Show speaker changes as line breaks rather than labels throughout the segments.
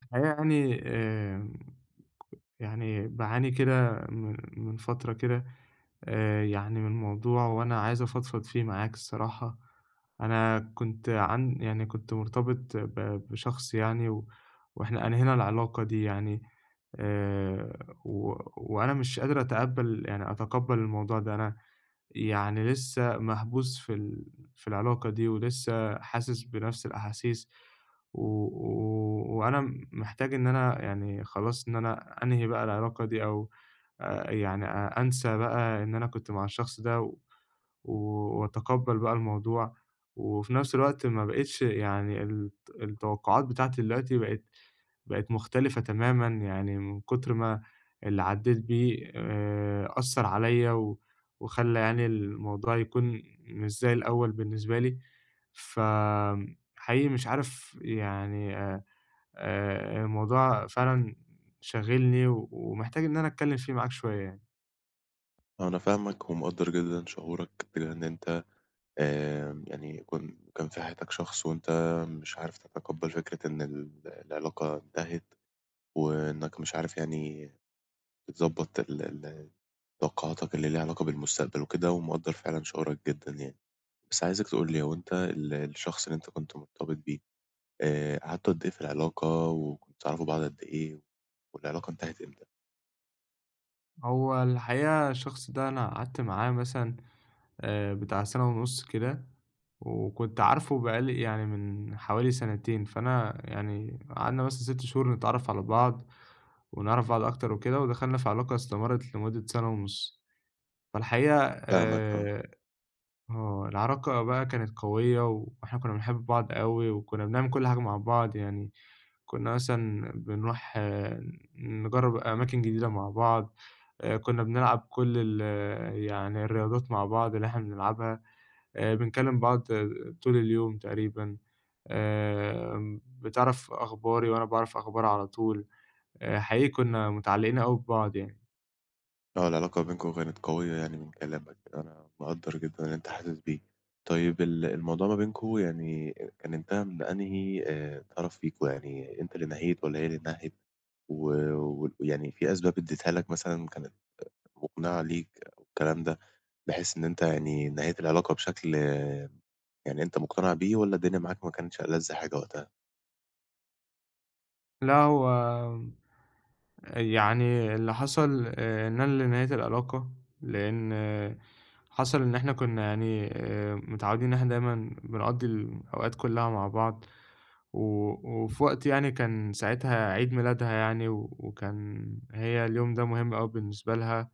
في الحقيقة يعني، آآ يعني، باعاني كده من من فترة كده آآ يعني من موضوع، وأنا عايز أفضفض فيه معاك الصراحة. أنا كنت عن يعني كنت مرتبط ب بشخص يعني، وإحنا أنهينا العِلاقة دي يعني، آآ و وأنا مش قادر أتقبل يعني أتِقبل الموضوع ده. أنا يعني لسه محبوس في ال في العلاقة دي، ولسه حاسس بنفْس الأحاسيس، و و وأنا محتاج إن أنا يعني خلاص، إن أنا أنهي بقى العِلاقة دي، أو آآ يعني، آآ أنسى بقى إن أنا كنت مع الشخص ده، و وأتقبل بقى الموضوع، وفي نفْس الوقت ما بقيتش يعني، الت التوقعات بتاعتي دلوقتي بقت بقت مختلفة تمامًا، يعني من كثر ما اللي عديت بيه آآ أثّر عليّا، و وخلى يعني الموضوع يكون مش زي الأول بالنسبة لي، ف امم حقيقي مش عارف يعني، آآ الموضوع فعلًا شاغلني، ومحتاج إن أنا أتكلم فيه معاك شوية يعني.
أنا فاهمك، ومقدر جدًا شعورك، بإن أنت آآ يعني، كون كان في حياتك شخص، وأنت مش عارف تتقبل فكرة إن ال العِلاقة انتهت، وإنك مش عارف، يعني تضبط ال ال ال طاقاتك اللي ليها علاقة بالمستقبل وكده، ومقدر فعلًا شعورك جدًا يعني. بس عايزك تقولي، هو أنت ال الشخص اللي أنت كنت مرتبط بيه، آآ قعدتوا قد إيه في العلاقة، وكنتوا تعرفوا بعض قد إيه، والعلاقة انتهت إمتى؟
هو الحقيقة الشخص ده أنا قعدت معاه مثلًا آآ، بتاع سَنة ونُص كده وكنت عارفه بقى لي يعني من حوالي سَنتين، فأنا يعني قعدنا مثلًا 6 شهور نتعرّف على بعض ونعرف بعض أكتر وكده ودخلنا في علاقة استمرّت لمدة سَنة ونُص. فالحقيقة
فاهمك آه.
آآ آه، العلاقة بقى كانت قوية و وإحنا كُنّا بنحب بعض أوي وكُنّا بنعمل كل حاجة مع بعض يعني، كُنّا مثلًا بنروح ن نجرّب أماكن جديدة مع بعض، آآ، كُنّا بنلعب كل ال يعني الرياضات مع بعض اللي إحنا بنلعبها، آآ، بنكلِّم بعض طول اليوم تقريبًا، آمم، بتعرف أخباري وأنا باعرف أخبارها على طول، آآ، حقيقي كُنّا متعلِّقين أوي ببعض يعني.
آه، العلاقة ما بينكم كانت قوية يعني من كلامك، أنا مقدّر جدًا اللي أنت حاسس بيه. طيب ال الموضوع ما بينكم يعني آآ، كان انتهى من أنهِي آآ، طرف فيكم، يعني أنت اللي نهيت والّا هي اللي نهِت و وال يعني في أسباب ادّتها لك مثلًا كانت مُقنعة ليك والكلام ده بحيث إن أنت يعني نهيت العلاقة بشكل يعني أنت مُقتنِع بيه والّا الدنيا معاك ما كانتش ألَذ حاجة وقتها؟
لأ، هو آآ، يعني اللي حصل، آآ، إن أنا اللي نهَيت العلاقة، لأن حصل إن إحنا كنا يعني، آآ، متعوِّدين، إحنا دايمًا بنقضِّي الـم الأوقات كلَّها مع بعض. و وفي وقت يعني، كان ساعتها عيد ميلادها يعني، و وكان هي اليوم ده مهم أوي بالنسبة لها.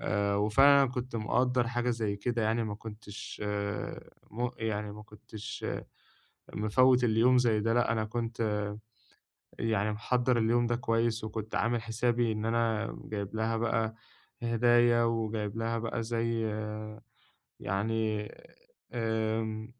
آآ، وفعلًا، أنا كنت مقدِّر حاجة زيّ كده يعني، ما كنتش آآ، م يعني، ما كنتش مفوِّت اليوم زيّ ده. لأ، أنا كنت يعني محضِّر اليوم ده كويس، وكنت عامل حسابي إن أنا جايبها بقى هدايا، وجايبها بقى زيّ يعني، آمم،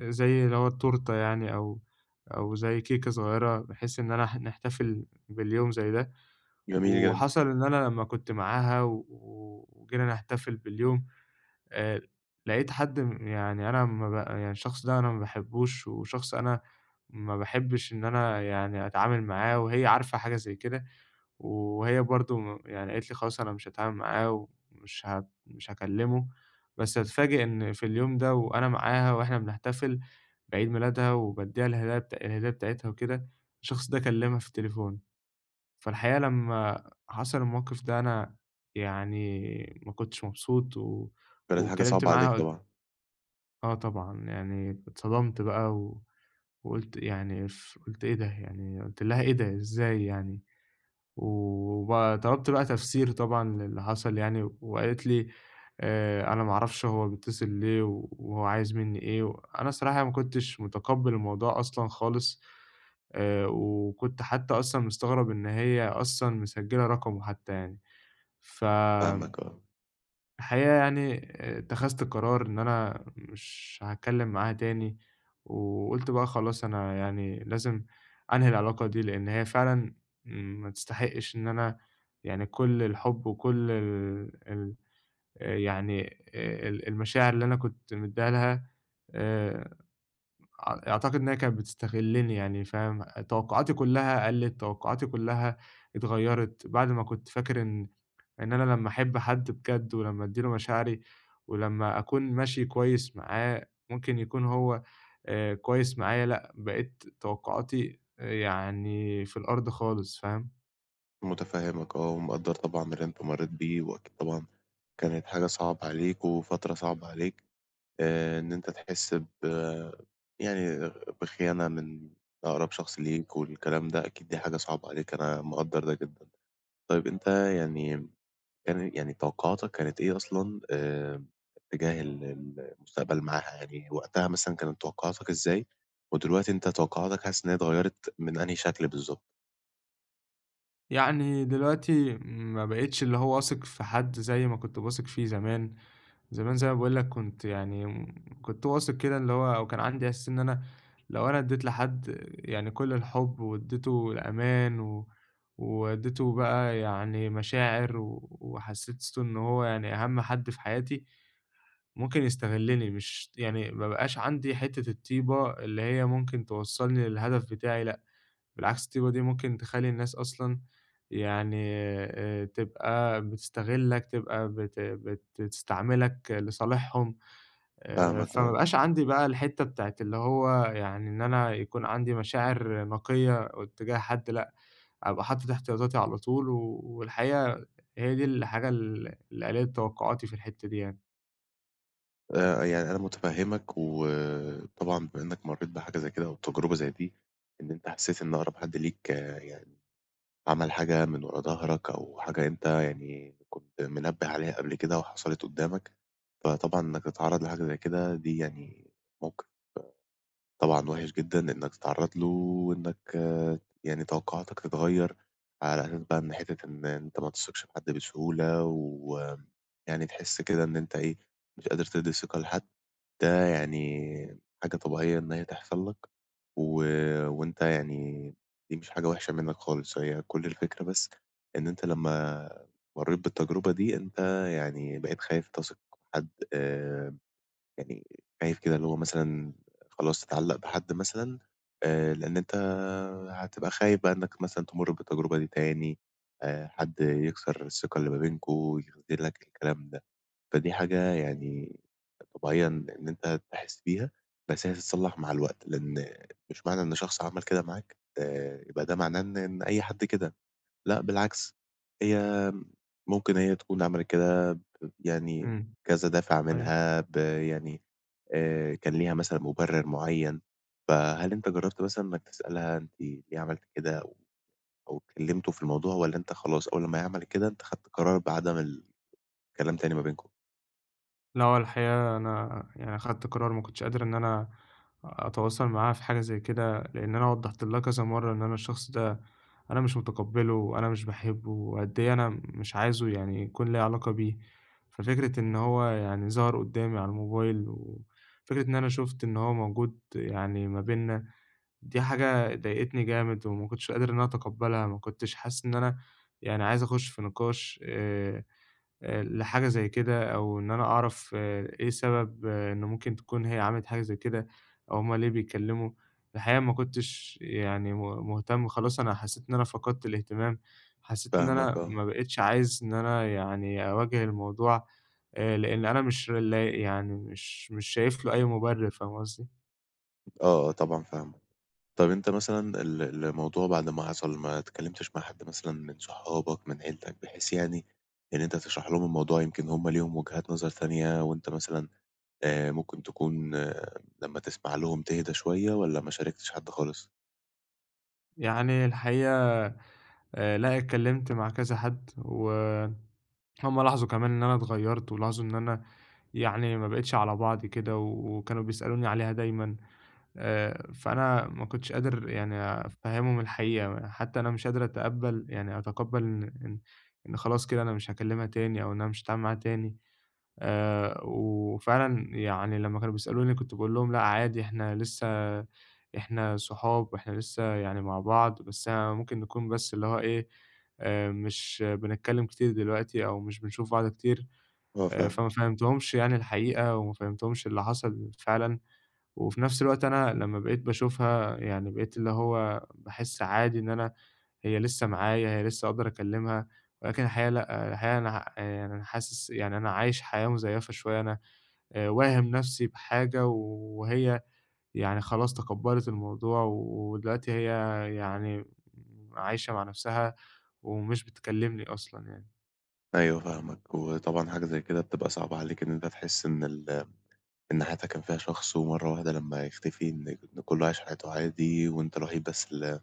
زيّ اللي هو التورتة يعني، أو أو زيّ كيكة صغيِّرة، بحيث إن أنا ح نحتفل باليوم زيّ ده.
جميل جدًا.
وحصل إن أنا لمّا كنت معاها و وجينا نحتفل باليوم، آآ، لقيت حد م يعني، أنا أما بقى يعني، الشخص ده، أنا ما بحبُّوش، وشخص أنا ما بحبِّش إن أنا يعني أتعامل معاه، وهي عارفة حاجة زيّ كده، وهي برضه م يعني، قالت لي: "خلاص، أنا مش هتعامل معاه ومش هب مش هكلِّمه." بس أتفاجأ إن في اليوم ده، وأنا معاها، وإحنا بنحتفل بعيد ميلادها، وبادِّيها الهدايا بت الهدية بتاعتها وكده، الشخص ده كلَّمها في التليفون. فالحقيقة، لمّا حصل الموقف ده، أنا يعني ما كنتش مبسوط، و
كانت حاجة
واتكلَّمت
صعبة
معاها
عليك
قل
طبعًا.
آه طبعًا يعني اتصدمت بقى و وقُلت يعني ف قُلت "إيه ده!" يعني قُلت لها: "إيه ده! إزاي يعني؟!" و وبقى طلبت بقى تفسير طبعًا للي حصل يعني وقالت لي: "آآ، أنا ما أعرفش هو بيتصل ليه و وهو عايز مني إيه و"، أنا الصراحة ما كُنتش متقبّل الموضوع أصلًا خالص آآ، وكُنت حتّى أصلًا مستغرب إن هي أصلًا مسجلة رقمه حتّى يعني فآمم،
فاهمك آه.
الحقيقة يعني اتخذت قرار إن أنا مش هاتكلّم معاها تاني، وقُلت بقى خلاص أنا يعني لازم أنهي العلاقة دي لأن هي فعلًا ما تستحقش إن أنا يعني كل الحب وكل ال ال آآ، يعني آآ، ال المشاعر اللي أنا كُنت مدّيها لها، آآ، أع أعتقد إن هي كانت بتستغلّني يعني، فاهم، أ توقعاتي كلّها قَلّت توقعاتي كلّها اتغيّرِت بَعد ما كُنت فاكر إن، إن أنا لمّا أحب حد بجد ولمّا أدي له مشاعري، ولمّا أكون ماشي كويّس معاه ممكن يكون هو آآ، كويّس معايا، لأ، بقيت توقعاتي، آآ، يعني في الأرض خالص. فاهم؟
مُتفهِّمك آه، ومقدّر طبعًا اللي أنت مرّيت بيه وأكيد طبعًا كانت حاجة صعبة عليك وفترة صعبة عليك، آآ إن أنت تحس ب يعني بخيانة من أقرب شخص ليك والكلام ده، أكيد دي حاجة صعبة عليك، أنا مقدّر ده جدًا. طيب، أنت يعني م يعني يعني توقُّعاتك كانت إيه أصلًا آمم اتّجاه ال المستقبل معاها؟ يعني وقتها مثلًا كانت توقُّعاتك إزاي ودلوقتي أنت توقُّعاتك حاسس إن هي اتغيَّرِت من أنهي شكل بالضبط؟
يعني دلوقتي ما بقيتش اللي هو واثق في حد زي ما كنت باثق فيه زمان. زمان زي ما باقول لك كنت يعني م كنت واثق كده اللي هو أو كان عندي إحساس إن أنا لو أنا ادّيت لحد يعني كل الحُب وادّيته الأمان و وادّيته بقى يعني مشاعر و وحسِّسته إنه هو يعني أهَم حد في حياتي، ممكن يستغلّني، مش ت يعني ما بقاش عندي حتّة الطيبة اللي هي ممكن توصّلني للهدف بتاعي لأ بالعكس، الطيبة دي ممكن تخلّي الناس أصلًا يعني آآ تبقى بتستغلّك، تبقى بت بت بتستعملك لصالحهم. آآ
فاهمك
فما
آه.
بقاش عندي بقى الحتّة بتاعة اللي هو يعني إن أنا يكون عندي مشاعر نقية اتّجاه حد لأ، أبقى حاطط احتياطاتي على طول و والحقيقة هي دي الحاجة ال اللي قلّلِت توقُّعاتي في الحتّة دي يعني.
آآ، يعني، أنا متفهِّمك، وطبعًا بما إنك مرَّيت بحاجة زي كده، أو تجربة زي دي، إن أنت حسِّيت إن أقرب حد ليك يعني، عمل حاجة من ورا ضهرك، أو حاجة أنت يعني كُنت منبِّه عليها قبل كده وحصلت قُدَّامك، فطبعًا إنك تتعرَّض لحاجة زي كده دي يعني موقف، آآ، طبعًا وحش جدًا إنك تتعرَّض له وإنك يعني توقُّعاتك تتغيَّر على أساس بقى، إن حتة إن أنت ما تثقش في حد بسهولة، ويعني تحِس كده إن أنت إيه، مش قادر تدِّي ثقة لحد، ده يعني، حاجة طبيعية إن هي تحصل لك. و وأنت يعني دي مش حاجة وحشة منك خالص. هي كل الفكرة بس إن أنت لمّا مرَّيت بالتجربة دي، أنت يعني بقيت خايف تثق في حد، آآ، يعني، خايف كده اللي هو مثلًا خلاص تتعلَّق بحد مثلًا. آآ، لأن أنت هتبقى خايف بقى إنك مثلًا تمُر بالتجربة دي تاني، آآ، حد يكسر الثقة اللي ما بينكم، يخذُلك الكلام ده. فدي حاجة يعني، طبيعية إن أنت تحِس بيها، بس هي تتصلح مع الوقت، لأن مش معنى إن شخص عمل كده معاك آآ، يبقى ده معناه إن إن أي حد كده. لأ، بالعكس، هي ممكن هي تكون عملت كده، يعني،
امم،
كذا دافع
أيوه.
منها ب يعني، آآ، كان ليها مثلًا مبرِّر معيَّن. فهل أنت جرَّبت مثلًا إنك تسألها: "أنت ليه عملتِ كده؟" أو أو اتكلَّمتوا في الموضوع، والّا أنت خلاص أول ما هي عملت كده، أنت خدت قرار بعدم ال الكلام تاني ما بينكم؟
لأ، هو الحقيقة، أنا يعني أخدت قرار، ما كنتش قادر إن أنا أتواصل معاها في حاجة زي كده، لأن أنا وضَّحت لها كذا مرَّة إن أنا الشخص ده، أنا مش مُتقبِّله، وأنا مش باحبه، وقد إيه أنا مش عايزه يعني، يكون ليها علاقة بيه. ففكرة إن هو يعني، ظهر قُدَّامي على الموبايل، وفكرة إن أنا شُفت إن هو موجود يعني، ما بيننا، دي حاجة ضايقتني جامد، وما كنتش قادر إن أنا أتقبَّلها. ما كنتش حاسِس إن أنا يعني، عايز أخُش في نقاش، آآ، آآ، لحاجة زي كده، أو إن أنا أعرف إيه سبب إنه ممكن تكون هي عملِت حاجة زي كده، أو هُم ليه بيتكلَّموا. الحقيقة، ما كنتش يعني م مُهتم. خلاص أنا حسِّيت إن أنا فقدت الاهتمام، حسِّيت إن
فاهمك
أنا
آه.
ما بقيتش عايز إن أنا يعني، أواجه الموضوع. آآ، لأن أنا مش لاق يعني، مش مش شايف له أي مبرِّر. فاهم قصدي؟
آه، آه، طبعًا فاهمك. طَب، أنت مثلًا ال الموضوع بعد ما حصل، ما اتكلمتش مع حد مثلًا من صحابك، من عيلتك، بحيث يعني إن أنت تشرح لهم الموضوع. يمكن هُم ليهم وجهات نظر تانية، وأنت مثلًا آآ، ممكن تكون لمّا تسمع لهم تهدا شوية، والّا ما شاركتش حد خالص؟
يعني الحقيقة آآ، لأ، اتكلّمت مع كذا حَد و هُم لاحظوا كمان إن أنا اتغيّرت، ولاحظوا إن أنا يعني ما بقيتش على بعضي كده و وكانوا بيسألوني عليها دايمًا آآ، فأنا ما كنتش قادر يعني أفهّمهم الحقيقة، حتى أنا مش قادر أتقبّل يعني أتقبّل إن إن إن خلاص كده أنا مش هاكلّمها تاني أو إن أنا مش هاتعامل معاها تاني آآ، وفعلًا يعني لمّا كانوا بيسألوني كنت باقول لهم لأ عادي، إحنا لسه إحنا صحاب وإحنا لسه يعني مع بعض، بس ممكن نكون بس اللي هو إيه آآ، مش بنتكلّم كتير دلوقتي أو مش بنشوف بعض كتير
آه،
آآ، فما
فاهمك.
فهّمتهُمش يعني الحقيقة وما فهّمتهُمش اللي حصل فعلًا، وفي نَفْس الوقت أنا لمّا بقيت باشوفها يعني بقيت اللي هو باحسّ عادي إن أنا هي لسه معايا هي لسه أقدر أكلّمها، ولكن الحقيقة لأ، الحقيقة أنا ه آآ، يعني أنا حاسس يعني أنا عايش حياة مزيّفة شوية، أنا آآ، واهم نَفْسي بحاجة وهي يعني خلاص تقبّلِت الموضوع ودلوقتي هي يعني م عايشة مع نَفْسها ومش بتكلّمني أصلًا يعني.
أيوه فاهمك، وطبعًا حاجة زَيّ كده بتبقى صعبة عليك إن أنت تحسّ إن ال إن حياتك كان فيها شخص ومَرّة واحدة لمّا يختفي إن ك إن كُلّه عايش حياته عادي، وأنت الوحيد بس ال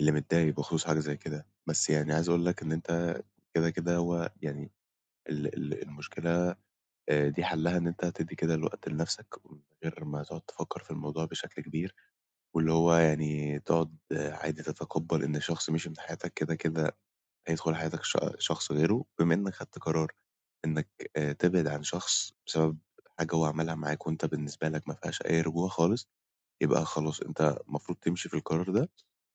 اللي متضايق بخصوص حاجة زَيّ كده، بس يعني عايز أقول لك إن أنت كده، كده هو يعني ال ال المشكلة آآ، دي حَلّها إن أنت تدّي كده الوقت لنَفْسك من غير ما تقعد تفكّر في الموضوع بشكل كبير واللي هو يعني تقعد عادي تتقبّل إن شخص مِشِي من حياتك كده، كده هيدخُل حياتك ش شخص غيرُه، بما إنّك خدت قرار إنّك آآ، تبعد عن شخص بسبب حاجة هو عملها معاك وأنت بالنسبة لك ما فيهاش أي رجوع خالص، يبقى خلاص أنت المفروض تمشي في القرار ده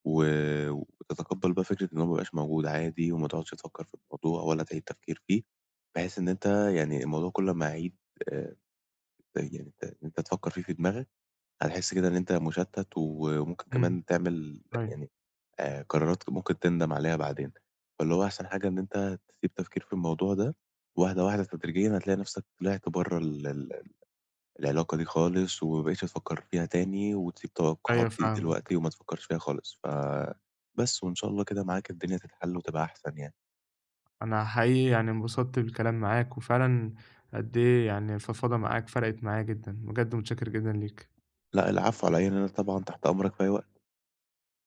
و وتتقبّل بقى فكرة إن هو ما بقاش موجود عادي، وما تقعدش تفكّر في الموضوع ولا تعيد تفكير فيه، بحيث إن أنت يعني الموضوع كُلّ أمّا يعيد آآ، آآ يعني أنت إن أنت تفكّر فيه في دماغك، هتحسّ كده إن أنت مُشتَّت و وممكن
إمم،
كمان تعمل
أيوه.
يعني آآ، قرارات ممكن تندم عليها بعدين، فاللي هو أحسن حاجة إن أنت تسيب تفكير في الموضوع ده وواحدة، واحدة تدريجيًا هتلاقي نَفْسك طلعت برّه ال ال العلاقة دي خالص، وما بقيتش تفكّر فيها تاني وتسيب
أيوه،
التوقّعات دي
فاهمك.
دلوقتي وما تفكّرش فيها خالص، ف بس وإن شاء الله كده معاك الدنيا تتحلّ وتبقى أحسن يعني.
أنا حقيقي يعني انبسطت بالكلام معاك، وفعلًا قدّ إيه يعني الفضفضة معاك فرَقِت معايا جدًا، بجد مُتشكّر جدًا ليك.
لأ، العفو على إيه، يعني أنا طبعًا تحت أمرك في أي وقت.